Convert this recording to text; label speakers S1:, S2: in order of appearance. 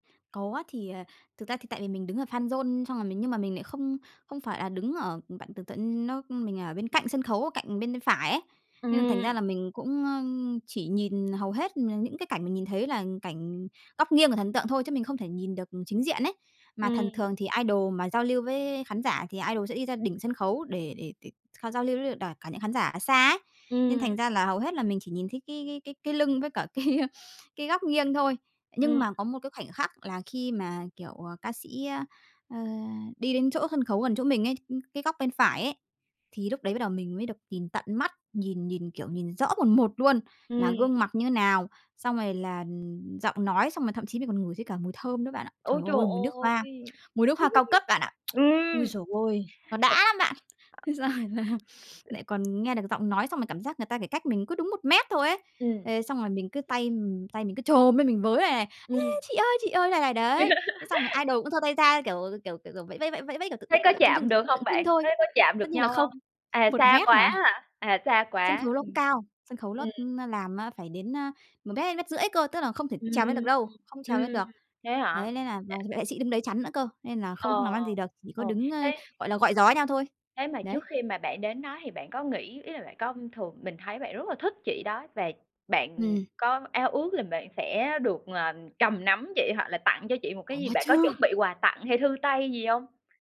S1: Có, thì, à, thực ra thì tại vì mình đứng ở fanzone, xong rồi mình nhưng mà mình lại không không phải là đứng ở bạn tưởng tượng, ưm, nó mình ở bên cạnh sân khấu, ở cạnh bên phải ấy, nên là thành ra
S2: Ừm.
S1: là mình cũng, ưm, chỉ nhìn hầu hết, à, những cái cảnh mình nhìn thấy là cảnh góc nghiêng của thần tượng thôi, chứ mình không thể nhìn được chính diện ấy. Mà thần
S2: Ừm.
S1: thường thì idol mà giao lưu với khán giả thì idol sẽ đi ra đỉnh sân khấu để để để họ giao lưu với đ đả cả những khán giả ở xa ấy, nên thành
S2: Ừm.
S1: ra là hầu hết là mình chỉ nhìn thấy cái cái cái cái lưng với cả cái, a, cái góc nghiêng thôi. Nhưng
S2: Ừm.
S1: mà có một cái khoảnh khắc là khi mà, kiểu, ờ, ca sĩ, ơ, ờ, đi đến chỗ sân khấu gần chỗ mình ấy, ưm, cái góc bên phải ấy, thì lúc đấy bắt đầu mình mới được nhìn tận mắt, nhìn nhìn, kiểu, nhìn rõ mồn một luôn, là
S2: Ừm.
S1: gương mặc như thế nào, xong rồi là, ừm, giọng nói, xong rồi thậm chí mình còn ngửi thấy cả mùi thơm nữa bạn ạ. Trời
S2: Ôi, trời
S1: ơi! Mùi nước hoa,
S2: ơi!
S1: mùi nước hoa cao cấp bạn ạ. Ôi
S2: Ừm!
S1: giời ơi, nó đã lắm bạn! Thế xong rồi là lại còn nghe được giọng nói, xong rồi cảm giác người ta chỉ cách mình cứ đúng 1 mét thôi ấy.
S2: Ừm.
S1: Thế xong rồi mình cứ tay, ừm, tay mình cứ chồm lên, mình với vầy này: "A,
S2: Ừm.
S1: chị ơi, chị ơi!" này này đấy, thế xong rồi idol cũng giơ tay ra, kiểu kiểu kiểu kiểu, vẫy vẫy vẫy vẫy vẫy, kiểu, tượng
S2: Thế
S1: tượng
S2: có
S1: tượng trưng trưng
S2: chạm
S1: tượng
S2: được hông
S1: tượng trưng
S2: bạn? Có
S1: thôi
S2: có chạm
S1: tất
S2: được
S1: nhiên là
S2: nhau
S1: không,
S2: hông? À,
S1: 1
S2: xa
S1: mét
S2: quá
S1: mà.
S2: á hả? À, xa
S1: Sân
S2: quá,
S1: khấu nó cũng
S2: ừm,
S1: cao, sân khấu ló
S2: ừm.
S1: nó làm á phải đến, a, 1 mét hay mét rưỡi cơ, tức là không thể trèo lên được
S2: Ừm,
S1: đâu, không
S2: ừm,
S1: trèo lên được,
S2: thế hả?
S1: đấy, lên là bảo vệ sĩ đứng đấy chắn nữa cơ, nên là không
S2: Ờ,
S1: làm ăn gì được, chỉ có
S2: ờ.
S1: đứng, ơ,
S2: Thế
S1: gọi là, gọi gió nhau thôi,
S2: thế mà
S1: đấy.
S2: trước khi mà bạn đến đó thì bạn có nghĩ ý là bạn có thường mình thấy bạn rất là thích chị đó và bạn
S1: Ừm.
S2: có ao ước là bạn sẽ được, à, cầm nắm chị, hoặc là tặng cho chị một cái
S1: Có
S2: gì bạn có chuẩn
S1: chứ!
S2: bị quà tặng hay thư tay gì hông?